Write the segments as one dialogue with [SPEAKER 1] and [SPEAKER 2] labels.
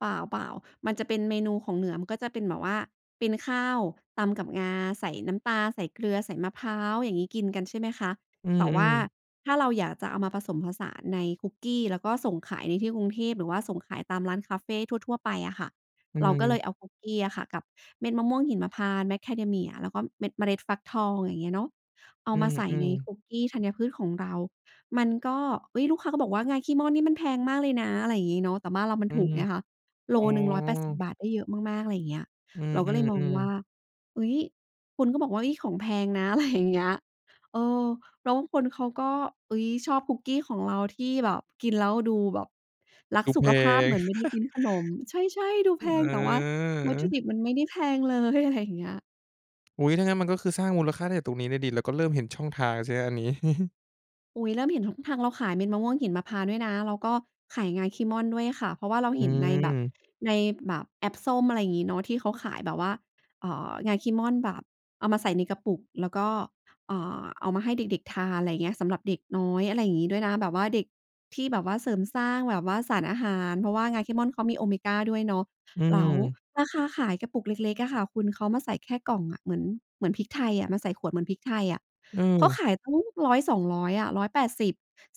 [SPEAKER 1] เปล่า ๆ มันจะเป็นเมนูของเหนือ มันก็จะเป็นแบบว่าเป็นข้าวตำกับงา ใส่น้ำปลา ใส่เกลือ ใส่มะพร้าว อย่างงี้กินกัน ใช่ไหมคะ
[SPEAKER 2] อื
[SPEAKER 1] แต่ว่
[SPEAKER 2] ม
[SPEAKER 1] า
[SPEAKER 2] ๆ
[SPEAKER 1] ถ้าเราอยากจะเอามาผสมผสานในคุกกี้ แล้วก็ส่งขายในที่กรุงเทพ หรือว่าส่งขายตามร้านคาเฟทั่ว ๆ ไปอะค่ะ
[SPEAKER 2] อื
[SPEAKER 1] เราก็เล
[SPEAKER 2] ม
[SPEAKER 1] ยเอาคุกกี้อะค่ะ กับเม็ดมะม่วงหิมพานต์ Macadamia แล้วก็เม็ดเมล็ดฟักทอง อย่างเงี้ยเนาะ เอ
[SPEAKER 2] อ
[SPEAKER 1] า
[SPEAKER 2] ื
[SPEAKER 1] มาใส่ใน
[SPEAKER 2] ม
[SPEAKER 1] ค
[SPEAKER 2] ๆ
[SPEAKER 1] ุกกี้ธัญพืชของเรา มันก็ เฮ้ย ลูกค้าก็บอกว่า "งาขี้ม่อนนี่มันแพงมากเลยนะ" อะไรอย่างงี้เนาะ แต่บ้านเรามัน
[SPEAKER 2] อื
[SPEAKER 1] ถูก
[SPEAKER 2] ม
[SPEAKER 1] ไงคะ โ
[SPEAKER 2] อ
[SPEAKER 1] ล
[SPEAKER 2] ๋
[SPEAKER 1] หนึ่ง 180
[SPEAKER 2] อ
[SPEAKER 1] บาท ได้เยอะมาก ๆ อะไรอย่างเงี้ย
[SPEAKER 2] อื
[SPEAKER 1] เราก็เลยมอง
[SPEAKER 2] ม
[SPEAKER 1] ว่
[SPEAKER 2] ๆ ๆ
[SPEAKER 1] า เฮ้ย! คนก็บอกว่า "เฮ้ย! ของแพงนะ" อะไร อย่างเงี้ย เออ แล้วบางคนเขาก็ เฮ้ย! ชอบคุกกี้ของเราที่แบบกินแล้วดูแบบรัก
[SPEAKER 2] ดู
[SPEAKER 1] ส
[SPEAKER 2] แ
[SPEAKER 1] ุ
[SPEAKER 2] พ
[SPEAKER 1] ขภาพเ
[SPEAKER 2] ง
[SPEAKER 1] หมือนไม่ได้กินขนม ใช่ ๆ ดูแพงแต่ว่า วัตถุ
[SPEAKER 2] เออ
[SPEAKER 1] ดิบมันไม่ได้แพง เลย อะไรอย่างเงี้ย
[SPEAKER 2] อุ๊ย! ถ้างั้นมันก็คือสร้างมูลค่าได้ตั้งแต่ตรงนี้เลยสิ แล้วก็เริ่มเห็นช่องทางสิครับอันนี้
[SPEAKER 1] อุ๊ย! เริ่มเห็นช่องทาง เราขายเม็ดมะม่วงหิมพานต์ด้วยนะ แล้วก็ขายงาขี้ม่อนด้วยค่ะ เพราะว่าเรา
[SPEAKER 2] อ
[SPEAKER 1] เห็นในแบบ
[SPEAKER 2] ืม
[SPEAKER 1] ในแบบแอพส้ม อะไรอย่างงี้เนาะ ที่เขาขายแบบว่า เอ่อ งาขี้ม่อนแบบเอามาใส่ในกระปุกแล้วก็ อ่า เอามาให้เด็ก ๆ ทาน อะไรอย่างเงี้ย สำหรับเด็กน้อย อะไรอย่างงี้ด้วยนะ แบบว่าเด็กที่แบบว่าเสริมสร้างแบบว่าสารอาหาร เพราะว่างาขี้ม่อนเขามีโอเมกาด้วยเนาะ
[SPEAKER 2] อื
[SPEAKER 1] แล้ว
[SPEAKER 2] ม
[SPEAKER 1] ราคาขายกระปุกเล็ก ๆ อะค่ะคุณ เขามาใส่แค่กล่องอะ เหมือน เหมือนพริกไทยอะ มาใส่ขวดเหมือนพริกไทยอะ
[SPEAKER 2] อื
[SPEAKER 1] เขา
[SPEAKER 2] ม
[SPEAKER 1] ขายตั้ง 100-200 อะ 180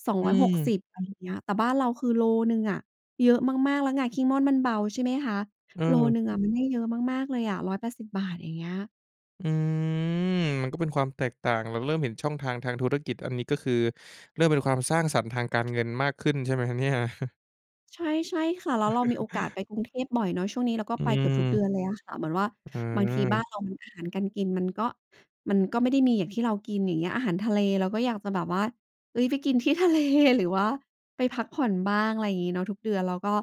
[SPEAKER 1] สอง
[SPEAKER 2] อ
[SPEAKER 1] ร
[SPEAKER 2] ื
[SPEAKER 1] ้อยหกส
[SPEAKER 2] ม
[SPEAKER 1] ิบ อะไรเงี้ย แต่บ้านเราคือโลหนึ่งอะ เยอะมาก ๆ แล้วงาขี้ม่อนมันเบา ใช่ไหมคะ
[SPEAKER 2] อ
[SPEAKER 1] โล
[SPEAKER 2] ืม
[SPEAKER 1] หนึ่งอะมันได้เยอะมาก ๆ เลยอะ 180 บาท อย่างเงี้ย
[SPEAKER 2] อืม มันก็เป็นความแตกต่าง เราเริ่มเห็นช่องทางทางธุรกิจ อันนี้ ก็คือเริ่มเป็นความสร้างสรรค์ทางการเงินมากขึ้น ใช่ไหมครับเนี่ย?
[SPEAKER 1] ใช่ ใช่ค่ะ แล้วเรามีโอกาสไปกรุงเทพบ่อยเนาะ ช่วงนี้เราก็
[SPEAKER 2] อื
[SPEAKER 1] ไป เกือบทุกเดื
[SPEAKER 2] ม
[SPEAKER 1] อนเลยอะค่ะ เหมือนว่า
[SPEAKER 2] อื
[SPEAKER 1] บางทีบ้า
[SPEAKER 2] ม
[SPEAKER 1] นเราอาหารการกินมันก็ มันก็ไม่ได้มีอย่างที่เรากิน อย่างเงี้ย อาหารทะเลเราก็อยากจะแบบว่า เฮ้ย ไปกินที่ ทะเล หรือว่าไปพักผ่อนบ้าง อะไรอย่างงี้เนาะ ทุกเดือนก็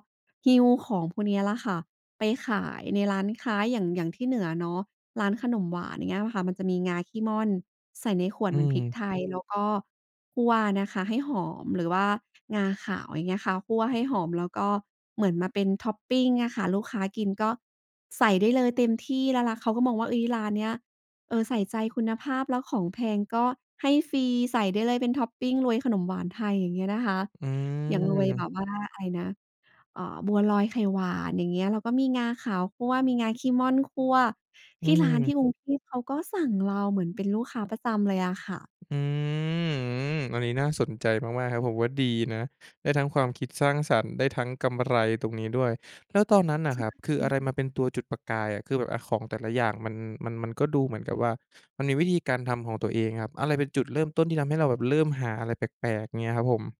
[SPEAKER 1] หิ้วของพวกนี้ละค่ะ ไปขายในร้านค้าอย่าง อย่างที่เหนือเนาะ ร้านขนมหวาน อย่างเงี้ยค่ะ มันจะมีงาขี้ม่อนใส่ในขวด
[SPEAKER 2] อื
[SPEAKER 1] เหมือนพริก
[SPEAKER 2] ม
[SPEAKER 1] ไทย แล้วก็คั่วนะคะให้หอม หรือว่างาขาว อย่างเงี้ยค่ะ คั่วให้หอมแล้วก็เหมือนมาเป็นท็อปปิงอะค่ะ ลูกค้ากินก็ใส่ได้เลยเต็มที่ แล้วร้าน เขาก็มองว่า เฮ้ย ร้านนี้ เออ ใส่ใจคุณภาพแล้วของแพงก็ให้ฟรี ใส่ได้เลยเป็นท็อปปิงรวยขนมหวานไทย อย่างเงี้ยนะคะ
[SPEAKER 2] อื
[SPEAKER 1] อย่างรวยแบ
[SPEAKER 2] ม
[SPEAKER 1] บว่าอะไรนะ เอ่อ บัวลอยไข่หวาน อย่างเงี้ย แล้วก็มีงาขาวคั่ว มีงาขี้ม่อนคั่ว
[SPEAKER 2] อ
[SPEAKER 1] ท
[SPEAKER 2] ื
[SPEAKER 1] ี่ร้านท
[SPEAKER 2] ม
[SPEAKER 1] ี่กรุงเทพเขาก็สั่งเราเหมือนเป็นลูกค้าประจำเลยอะค่ะ
[SPEAKER 2] อืม อันนี้น่าสนใจมาก ๆ ครับ ผมว่าดีนะ ได้ทั้งความคิดสร้างสรรค์ ได้ทั้งกำไรตรงนี้ด้วย แล้วตอนนั้นน่ะ
[SPEAKER 1] ใช่
[SPEAKER 2] ครั
[SPEAKER 1] ค
[SPEAKER 2] บ
[SPEAKER 1] ่
[SPEAKER 2] คืออะไร
[SPEAKER 1] ะ
[SPEAKER 2] มาเป็นตัวจุดประกายอะ คือแบบ อะ ของแต่ละอย่างมัน มัน มันก็ดูเหมือนกับว่า มันมีวิธีการทำของตัวเองครับ อะไรเป็นจุดเริ่มต้นที่ทำให้เราแบบเริ่มหาอะไรแปลก ๆ เงี้ยครับผม